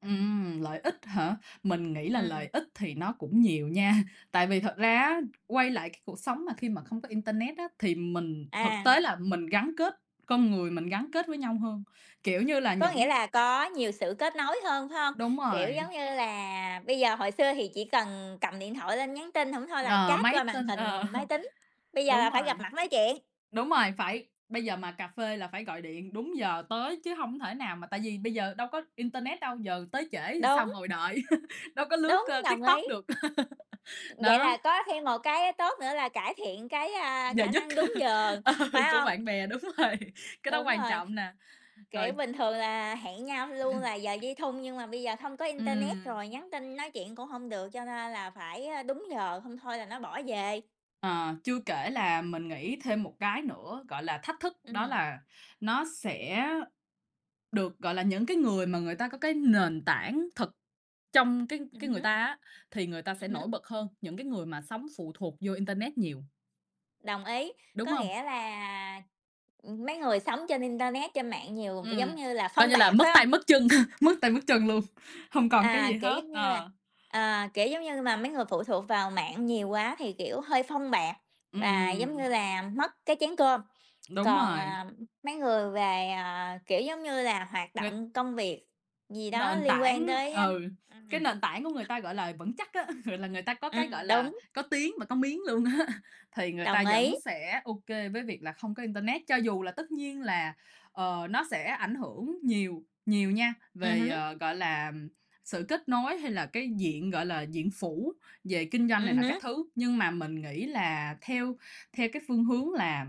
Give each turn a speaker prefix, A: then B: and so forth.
A: Ừm, lợi ích hả? Mình nghĩ là lợi
B: Ừm.
A: ích thì nó cũng nhiều nha, tại vì thật ra
B: Ừm.
A: á, quay lại cái cuộc sống mà khi mà không có internet á, thì mình thực
B: À.
A: tế là mình gắn kết con người mình gắn kết với nhau hơn, kiểu như là,
B: Có nghĩa
A: những
B: là có nhiều sự kết nối hơn, phải không?
A: Đúng
B: Kiểu
A: rồi.
B: giống như là, bây giờ hồi xưa thì chỉ cần cầm điện thoại lên nhắn tin, hổng thôi là
A: Ờ,
B: chat qua
A: mấy
B: màn
A: tin ờ,
B: hình máy tính, bây giờ
A: đúng
B: là phải gặp
A: rồi.
B: mặt nói chuyện.
A: Đúng rồi, phải bây giờ mà cà phê là phải gọi điện đúng giờ tới chứ hông thể nào mà tại vì bây giờ đâu có internet đâu, giờ tới trễ thì
B: Đúng.
A: sao ngồi đợi, đâu có lướt,
B: Đúng,
A: ơ,
B: đồng ý.
A: TikTok được,
B: Vậy
A: đó.
B: là có thêm một cái tốt nữa là cải thiện cái, a,
A: Giờ
B: khả
A: giấc,
B: năng đúng giờ,
A: ờ,
B: phải
A: của
B: hông?
A: bạn bè đúng rồi, cái đó
B: Đúng
A: quan
B: rồi.
A: trọng nè. Rồi
B: Kiểu, bình thường là hẹn nhau luôn là giờ dây thun, nhưng mà bây giờ hông có internet,
A: Ừm.
B: rồi nhắn tin nói chuyện cũng hông được, cho nên là phải, ơ, đúng giờ, hông thôi là nó bỏ về.
A: Ờ, chưa kể là mình nghĩ thêm một cái nữa gọi là thách thức. Đó
B: Ừm.
A: là nó sẽ được, gọi là, những cái người mà người ta có cái nền tảng thực trong cái
B: Ừm
A: cái người
B: hứm.
A: ta á, thì người ta
B: Ừm
A: sẽ
B: hứm.
A: nổi bật hơn những cái người mà sống phụ thuộc vô internet nhiều,
B: Đồng ý.
A: đúng
B: Có
A: hông?
B: nghĩa là, ừm, mấy người sống trên internet, trên mạng nhiều, v giống
A: Ừm.
B: như là
A: Coi
B: phông
A: như là
B: bạt,
A: mất
B: phải hông?
A: tay mất chân, mất tay mất chân luôn, hông còn cái gì
B: À, kiểu,
A: hết,
B: giống như là
A: ờ.
B: à, kiểu, giống như là, mấy người phụ thuộc vào mạng nhiều quá thì, kiểu, hơi phông bạt, và, giống như
A: Ừm.
B: là, mất cái chén cơm,
A: Đúng
B: còn,
A: rồi.
B: à, mấy người về, kiểu giống như là, hoạt
A: Người
B: động công việc gì đó
A: Nền
B: liên quan
A: tảng
B: tới, a
A: ừ,
B: ừm.
A: cái nền tảng của người ta, gọi là, vững chắc á, là, người ta có cái, gọi
B: Ừm,
A: là,
B: đúng.
A: có tiếng và có miếng luôn á, thì người
B: Đồng
A: ta
B: ý.
A: vẫn sẽ ô kê với việc là không có internet. Cho dù là tất nhiên là, ờ, nó sẽ ảnh hưởng nhiều nhiều nha
B: Ừm
A: về,
B: hứm.
A: ờ, gọi là, sự kết nối hay là cái diện, gọi là, diện phủ về kinh doanh này
B: Ừm
A: nọ các
B: hứm.
A: thứ, nhưng mà mình nghĩ là theo theo cái phương hướng là